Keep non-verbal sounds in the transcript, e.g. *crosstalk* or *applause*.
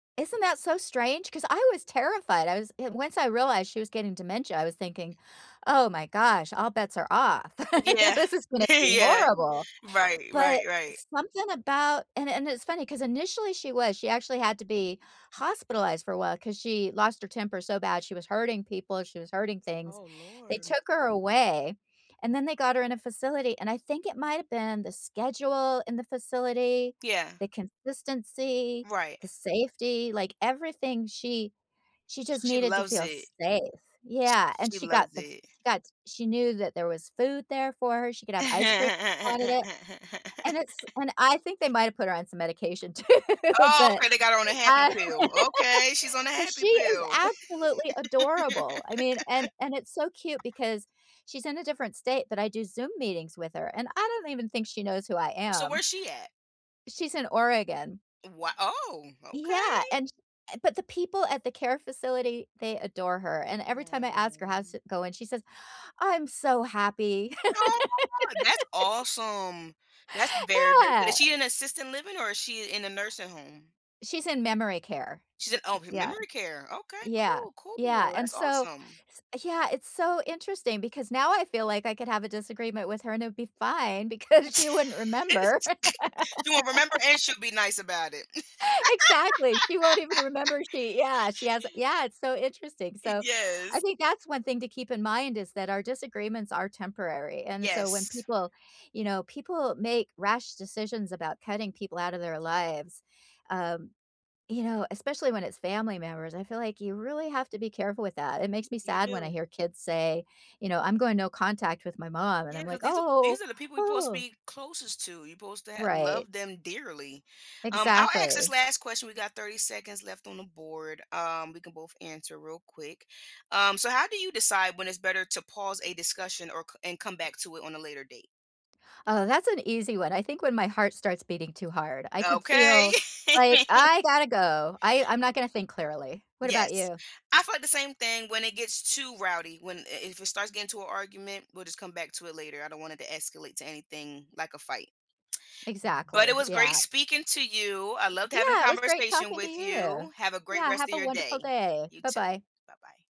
Isn't that so strange? 'Cause I was terrified, I was and once I realized she was getting dementia, I was thinking, "Oh my gosh. All bets are off, *laughs* you know, Yeah. this is gonna *chuckles* be Yeah. horrible." Right, But, right, right. something about and and it's funny 'cause initially she was, she actually had to be hospitalized for a while 'cause she lost her temper so bad, she was hurting people, and she was hurting things. Oh, They Lord. took her away, and then they got her in a facility, and I think it might’ve been the schedule in the facility, Yeah. the consistency, Right. the safety, like, everything, she she just She needed to loves feel it. safe. Sh Yeah, and she she got loves the f it. she got she knew that there was food there for her, she could have ice cream wanted it, and it's *laughs* and I think they might've put her on some medication too, Oh, but, okay, they got her on a happy uh, pill, *laughs* okay, she's on a uh, happy she is pill. absolutely *laughs* adorable. I mean, and and it's so cute because she's in a different state, but I do Zoom meetings with her, and I don't even think she knows who I So, am. where's she at? She's in Oregon. Wha oh, Yeah, okay! and uh but the people at the care facility, they adore her, and every time I ask her how's Mm. it going, she says, "I'm so happy." Aw, that's *laughs* awesome. That's very, very good, is Yeah. she in assisted living or is she in a nursing home? She's in memory care. She's in oh, me Yeah, memory care, okay, yeah, cool, yeah, cool, and that's so awesome. s yeah, it's so interesting because now I feel like I could have a disagreement with her and it'd be fine because she wouldn't remember. *laughs* She won't remember and *laughs* she'll be nice about it. Exactly, she won't even *laughs* remember, she yeah, she has yeah, it's so interesting, so, I Yes. think that's one thing to keep in mind is that our disagreements are temporary, and so, when Yes. people, you know, people make rash decisions about cutting people outta their lives, um, you know, especially when it's family members, I feel like you really have to be careful with that. It makes me You sad when I do. hear kids say, you know, "I'm going no contact with my mom," and Yeah, I'm like, 'cause these are "Oh, these are the people we're 'posed to ooh." be closest to, you're 'posed to have Right. loved them dearly. Um, I'll ask this Exactly. last question, we got 30 seconds left on the board, um, we can both answer real quick. Um, so how do you decide when it's better to pause a discussion, or c and come back to it on a later date? Oh, that's an easy one, I think when my heart starts beating too hard, I can Okay. feel, like, *laughs* I gotta go, I I'm not gonna think clearly. What about Yes, you? I felt the same thing when it gets too rowdy, when i if it starts getting to an argument, we'll just come back to it later, I don't want it to escalate to anything like a fight. *tsk* But it Exactly, was great yeah. speaking to you, I loved having a Yeah, it was great conversation talking to with you. you. Have a great Yeah, rest have of a your day. wonderful day, You too, bye-bye. bye-bye.